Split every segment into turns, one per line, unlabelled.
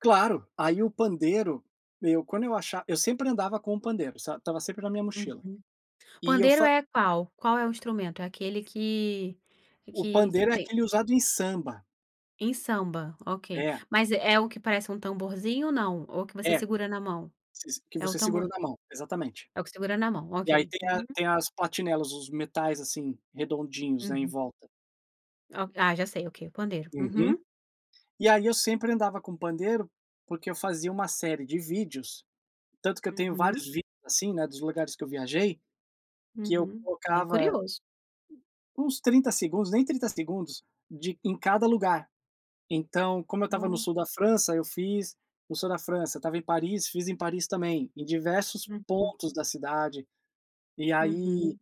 Claro, aí o pandeiro, meu, quando eu acha eu sempre andava com o pandeiro, sabe, estava sempre na minha mochila.
Uhum.
E eu
Pandeiro
fa
é qual, qual é o instrumento? É aquele que
O
que
pandeiro é
tem
aquele usado em samba.
Em samba, ok,
É.
mas é o que parece um tamborzinho ou não? Ou que você
É,
segura na mão? É o
você que segura
tambor
na mão Exatamente.
É o que segura na mão, ok
E aí tem a
Uhum.
tem as platinelas, os metais, assim, redondinhos aí em
Uhum.
volta.
Ah ó ah já sei, ok, o pandeiro
Uhum
Uhum.
E aí eu sempre andava com pandeiro, porque eu fazia uma série de vídeos, tanto que eu tenho vários
Uhum.
assim, né, dos lugares que eu viajei, que eu
Uhum. Bem
tocava
curioso.
uns 30 segundos, nem 30 segundos, de em cada lugar. Então, como eu estava no
Hum.
sul da França, eu fiz o sul da França, estava em Paris, fiz em Paris também, em diversos
Uhum.
pontos da cidade. E aí, eh,
Uhum.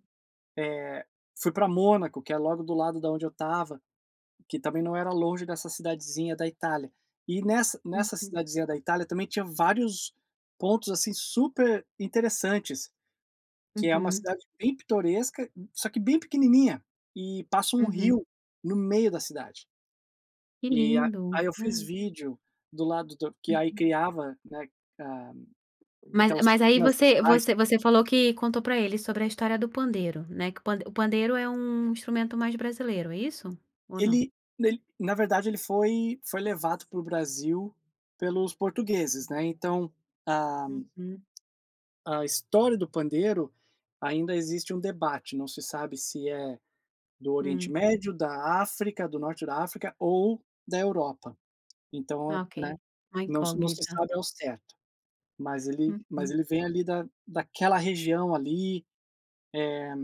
fui pra Mônaco, que é logo do lado da onde eu estava, que também não era longe dessa cidadezinha da Itália. E nessa nessa
Uhum.
cidadezinha da Itália, também tinha vários pontos, assim, super interessantes, que é uma
Uhum.
cidade bem pitoresca, m só que bem pequenininha, e passa um
Uhum.
rio no meio da cidade.
Que
E a
lindo.
aí eu fiz vídeo do lado do que aí
Uhum.
criava, né, a
Mas
aquelas
mas aí
pequenas
você
vocais.
você você falou que contou pra ele sobre a história do pandeiro, né, que o pand o pandeiro é um instrumento mais brasileiro, é isso, ou não?
Ele nele, na verdade ele foi foi levado para o Brasil pelos portugueses, né, então, a
Uhum.
a história do pandeiro, ainda existe um debate, não se sabe se é do Oriente
Hum.
Médio, da África, do Norte da África ou da Europa. Então, né,
Ok, uma
não s não se
incógnita.
sabe ao certo, mas ele mas
Uhum.
ele vem ali da daquela região ali, eh